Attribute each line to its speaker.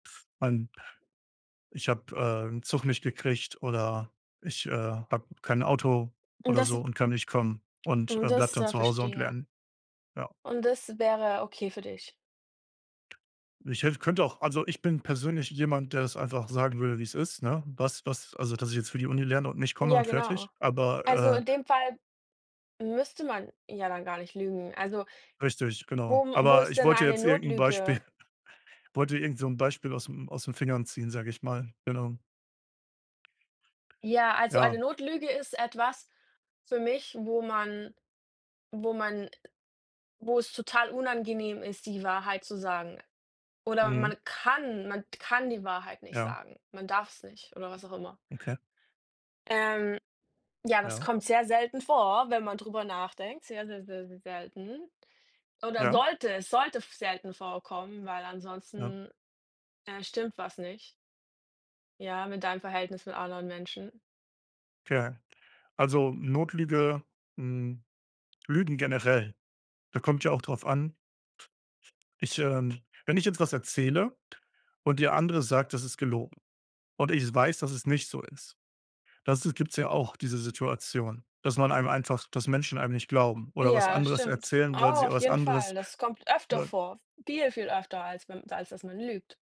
Speaker 1: Man Ich habe, äh, 'n Zug nicht gekriegt oder ich, äh, habe kein Auto
Speaker 2: Und
Speaker 1: oder so
Speaker 2: das
Speaker 1: und kann nicht kommen und,
Speaker 2: und
Speaker 1: äh, bleibe
Speaker 2: das
Speaker 1: dann
Speaker 2: ja,
Speaker 1: zu Hause und
Speaker 2: verstehe.
Speaker 1: lerne, ja.
Speaker 2: Und das wäre okay für dich?
Speaker 1: Ich hätte könnte auch also, ich bin persönlich jemand, der das einfach sagen würde, wie es ist, ne, was was also, dass ich jetzt für die Uni lerne und nicht komme
Speaker 2: Ja,
Speaker 1: und
Speaker 2: genau.
Speaker 1: fertig,
Speaker 2: Also,
Speaker 1: aber,
Speaker 2: in
Speaker 1: äh
Speaker 2: dem Fall müsste man ja dann gar nicht lügen. Also
Speaker 1: Richtig, genau.
Speaker 2: wo wo
Speaker 1: Aber
Speaker 2: ist
Speaker 1: ich
Speaker 2: denn
Speaker 1: wollte
Speaker 2: eine
Speaker 1: jetzt irgend 'n Beispiel
Speaker 2: Notlüge?
Speaker 1: wollte irgend so 'n Beispiel ausm aus 'n Fingern ziehen, sage ich mal, genau.
Speaker 2: Ja, also
Speaker 1: Ja.
Speaker 2: eine Notlüge ist etwas für mich, wo man wo man wo es total unangenehm ist, die Wahrheit zu sagen. Oder
Speaker 1: Mhm.
Speaker 2: man kann man kann die Wahrheit nicht
Speaker 1: Ja.
Speaker 2: sagen. Man darf's nicht oder was auch immer.
Speaker 1: Okay.
Speaker 2: Ähm, ja, das
Speaker 1: Ja.
Speaker 2: kommt sehr selten vor, wenn man drüber nachdenkt, sehr, sehr, sehr, sehr selten oder
Speaker 1: Ja.
Speaker 2: sollte es sollte f selten vorkommen, weil
Speaker 1: Ja.
Speaker 2: ansonsten, äh, stimmt was nicht ja, mit deinem Verhältnis mit anderen Menschen.
Speaker 1: Okay, also, Notlüge, hm Lügen generell, da kommt ja auch drauf an ich, ähm wenn ich jetzt was erzähle und der andere sagt, das ist gelogen und ich s weiß, dass es nicht so ist. Das ist gibt's ja auch diese Situation, dass man einem einfach dass Menschen einem nicht glauben oder was
Speaker 2: Ja,
Speaker 1: anderes
Speaker 2: stimmt.
Speaker 1: erzählen, weil
Speaker 2: Oh,
Speaker 1: sie au
Speaker 2: auf
Speaker 1: was
Speaker 2: jeden
Speaker 1: anderes,
Speaker 2: Fall. Das kommt öfter
Speaker 1: äh
Speaker 2: vor, viel, viel öfter, als wenn als, dass man lügt.